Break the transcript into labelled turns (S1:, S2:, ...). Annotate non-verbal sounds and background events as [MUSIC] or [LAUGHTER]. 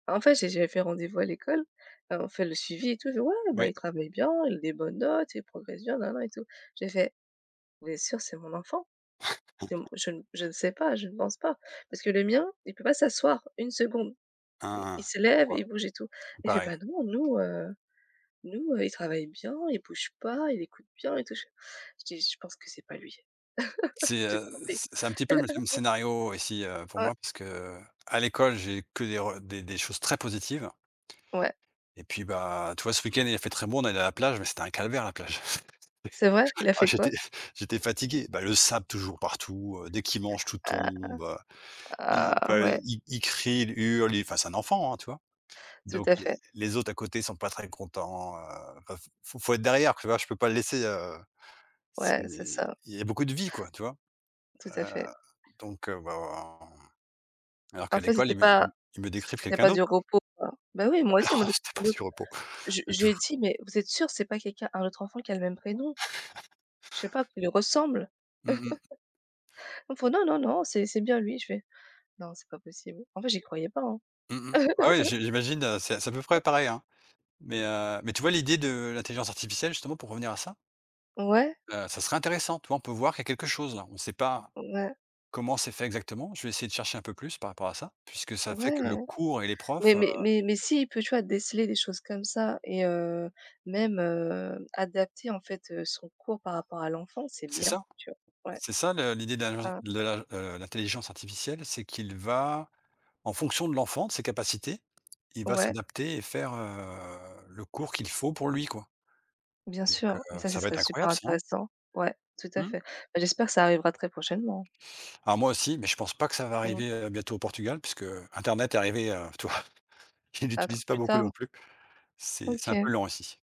S1: Ben, en fait, j'ai j'ait fait rendez-vous à l'école. Enfin, on fait le suivi et tout. Il dit: «Ouais, bah,
S2: Ouais.
S1: il travaille bien, il a des bonnes notes, il progresse bien nin nin et tout». Je lui ai fait: «Vous êtes sûr que c'est mon enfant? C'est mon?
S2: [CHUCKLES]
S1: Je je ne sais pas, je ne pense pas. Parce que le mien, il peut pas s'asseoir une seconde.
S2: Hein
S1: I il
S2: hein,
S1: se
S2: je
S1: lève,
S2: vois.
S1: il bouge et tout».
S2: C'est
S1: Il fait:
S2: pareil.
S1: «Bah non. Nous, heu, nous, il travaille bien, il bouge pas, il écoute bien et tout». Je fais, je dis: «Je pense que c'est pas lui. [LAUGHS] Vous
S2: C'est,
S1: vous êtes
S2: heu,
S1: trompés».
S2: c'est c'est un petit peu le même même
S1: [LAUGHS]
S2: scénario, ici, heu, pour
S1: Heu.
S2: moi, puisque, heu, à l'école, j'ai que des re des des choses très positives
S1: Ouais.
S2: et puis, bah, tu vois? Ce week-end, il a fait très bon. On est allés à la plage, mais c'était un calvaire, la plage. C'était
S1: C'est vrai? Il a
S2: [CHUCKLES] ah
S1: fait
S2: j'étais
S1: quoi?
S2: j'étais fatigué. Bah, le sable toujours partout, heu, dès qu'il mange, tout
S1: Ah.
S2: tombe.
S1: Ah.
S2: Il
S1: Ah,
S2: bah,
S1: ouais.
S2: i il crie, il hurle, il enfin, c'est un enfant, hein, tu vois?
S1: Tout
S2: Donc
S1: à
S2: les
S1: fait.
S2: les autres, à côté, ils sont pas très contents, heu, peuvent faut faut être derrière, tu vois? Je peux pas le laisser, heu, c'est
S1: Ouais, c'est
S2: il
S1: ça.
S2: y a beaucoup de vie, quoi, tu vois?
S1: Tout à
S2: Heu,
S1: fait.
S2: donc heu, v ah alors
S1: En
S2: qu'à
S1: fait,
S2: l'école,
S1: c'était
S2: ils me,
S1: pas
S2: ils ils me
S1: c
S2: décrivent
S1: c'était
S2: quelqu'un
S1: pas du
S2: d'autre, quoi.
S1: repos, quoi. Bah, oui, moi
S2: Ah
S1: aussi, en
S2: non,
S1: mode
S2: c'était pas du
S1: [UNINTELLIGIBLE]
S2: repos,
S1: je
S2: du
S1: je lui
S2: tout.
S1: ai dit: «Mais vous êtes sûr, c'est pas quelqu'un un autre enfant qui a le même prénom?
S2: [CHUCKLES]
S1: Je sais pas, qui lui ressemble?»
S2: Mmh mh.
S1: [LAUGHS] Ils me font: «Non, non, non, c'est c'est bien lui», je fais: «Non, c'est pas possible». En fait, j'y croyais pas, hein.
S2: Mmh mh. Ah oui, j'i
S1: [LAUGHS]
S2: j'imagine, heu, c'est c'est à peu près pareil, hein, mais heu, mais tu vois? L'idée de l'intelligence artificielle, justement, pour revenir à ça
S1: Ouais.
S2: heu, ça serait intéressant. Tu vois? On peut voir qu'il y a quelque chose, là. On sait pas
S1: Ouais.
S2: comment c'est fait, exactement. Je vais essayer de chercher un peu plus, par rapport à ça, puisque ça fait
S1: Ouais,
S2: que le
S1: mais-
S2: cours et les profs, heu
S1: mais mais mais s'il peut, tu vois? Déceler des choses comme ça et heu, même, heu, adapter, en fait, heu, son cours par rapport à l'enfant, c'est
S2: C'est
S1: bien,
S2: ça,
S1: tu vois? Ouais.
S2: c'est ça, le l'idée de l'ingen
S1: Mmh.
S2: de l'ingen heu, de l'intelligence artificielle, c'est qu'il va, en fonction de l'enfant, de ses capacités, il va
S1: Ouais.
S2: s'adapter et faire, heu, le cours qu'il faut pour lui, quoi,
S1: Bien
S2: donc heu,
S1: sûr, mais ça, ce
S2: ça va
S1: serait
S2: être
S1: super
S2: incroyable, ça, hein.
S1: intéressant. Ouais, tout à
S2: Mmh?
S1: fait. Bah, j'espère que ça arrivera, très prochainement.
S2: Alors, moi aussi, mais je pense pas que ça va
S1: Mmh.
S2: arriver, heu, bientôt, au Portugal, puisque internet est arrivé, heu, tu vois? Je
S1: Peut-être
S2: l'utilise pas
S1: plus
S2: beaucoup, non
S1: tard?
S2: plus. C'est c'est un peu
S1: OK.
S2: lent, ici.